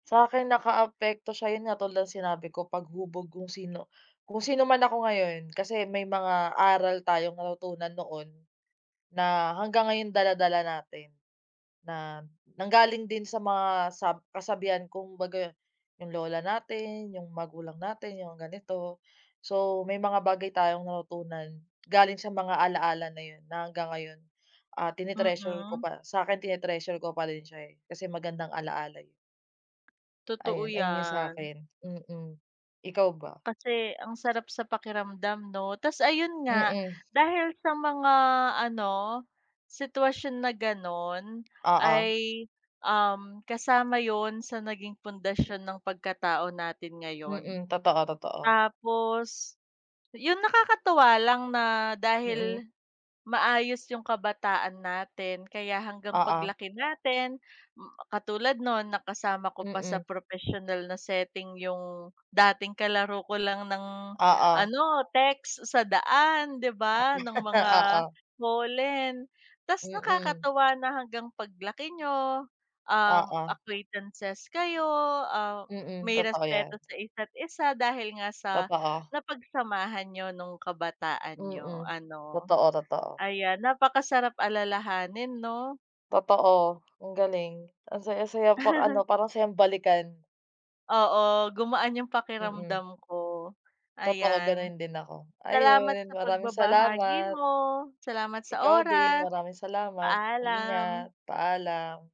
Sa'kin nakaapekto siya, 'yun nga tulad ng sinabi ko paghubog kung sino kung sino man ako ngayon kasi may mga aral tayong natutunan noon, na hanggang ngayon dala-dala natin. Na nanggaling din sa mga sa sab kasabihan kumbaga 'yung lola natin, 'yung magulang natin, 'yung ganito. So may mga bagay tayong natutunan galing sa mga ala-ala na 'yun na hanggang ngayon ah tine-treasure ko Mm. pa sa 'kin tine-treasure ko pa rin siya eh kasi magandang alaala eh. Totoo Ayun, ayun 'yung sa yan. 'kin mm, ikaw ba? Kasi ang sarap sa pakiramdam 'no, tapos ayun nga Mm. dahil sa mga ano sitwasyon na ganon Oo. ay, um kasama yun sa naging pundasyon ng pagkatao natin ngayon. Mm, totoo, totoo. Tapos, 'yung nakakatuwa lang na Mm. dahil, maayos yung kabataan natin kaya hanggang Oo. paglaki natin katulad noon na kasama ko pa sa Mm. professional na setting yung dating kalaro ko lang ng Oo. ano text sa daan 'di Ah ba, ng mga oo. holen tapos Mm. nakakatuwa na hanggang paglaki niyo, um Oo. acquaintances kayo, ah Mm, may totoo yan. respeto sa isa't-isa dahil nga sa Totoo. napagsamahan nyo nung kabataan niyo Mm, ano? totoo, totoo. Ayan napakasarap alalahanin no? Totoo, ang galing ang saya-saya pang ano parang sayang balikan. Oo gumaan 'yung Mm. pakiramdam ko, Totoo ayan. ganun din ako, Salamat ayun sa maraming pagbabahagi salamat. mo, salamat sa Ikaw din oras, maraming salamat, paalam. ingat, paalam.